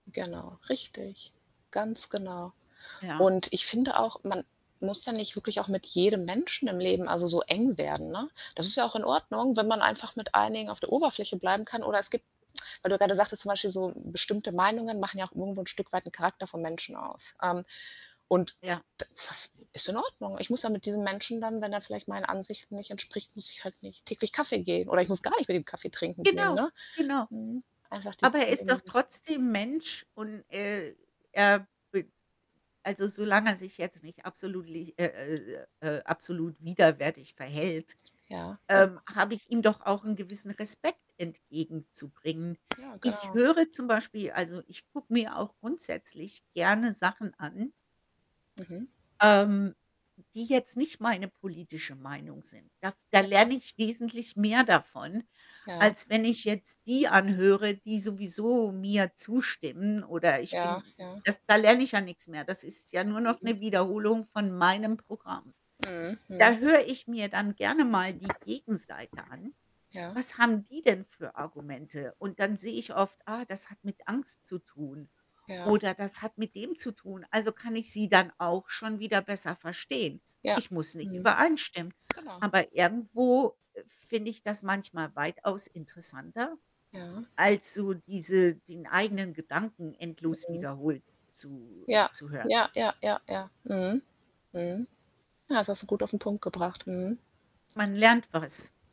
Genau, richtig, ganz genau. Ja. Und ich finde auch, man muss ja nicht wirklich auch mit jedem Menschen im Leben also so eng werden, ne? Das ist ja auch in Ordnung, wenn man einfach mit einigen auf der Oberfläche bleiben kann oder es gibt weil du gerade sagtest zum Beispiel so, bestimmte Meinungen machen ja auch irgendwo 'n Stück weit 'n Charakter vom Menschen aus. Ähm, und Ja. da das ist in Ordnung. Ich muss ja mit diesem Menschen dann wenn er vielleicht meinen Ansichten nicht entspricht, muss ich halt nicht täglich Kaffee gehen oder ich muss gar nicht mit dem Kaffee trinken gehen, Genau, ne? genau. Mhm, einfach Aber dieses er ist doch Leben lassen. trotzdem Mensch und, äh, er be also solange er sich jetzt nicht absolut li äh, äh, äh, absolut widerwärtig verhält, Ja, ähm, genau. habe ich ihm doch auch 'n gewissen Respekt entgegenzubringen. Ja, Ich genau. höre zum Beispiel also, ich gucke mir auch grundsätzlich gerne Sachen an Mhm. ähm, die jetzt nicht meine politische Meinung sind. Da f da Ja. lerne ich wesentlich mehr davon, Ja. als wenn ich jetzt die anhöre, die sowieso mir zustimmen oder ich Ja, bin ja. das da lerne ich ja nix mehr. Das ist ja nur noch Mhm. 'ne Wiederholung von meinem Programm. Mhm. Da Mhm. höre ich mir dann gerne mal die Gegenseite an. Ja. Was haben die denn für Argumente? Und dann sehe ich oft: „Ah, das hat mit Angst zu tun“ Ja. oder „Das hat mit dem zu tun“, also kann ich sie dann auch schon wieder besser verstehen. Ja. Ich muss nicht Mhm. übereinstimmen. Genau. Aber irgendwo finde ich das manchmal weitaus interessanter, Ja. Ja. als so diese den eigenen Gedanken endlos Mhm. wiederholt zu Ja. zu hören. Ja, ja, ja. Ja. Mhm. Mhm. Ja, das hast du gut auf'n Punkt gebracht. Mhm. Man lernt was.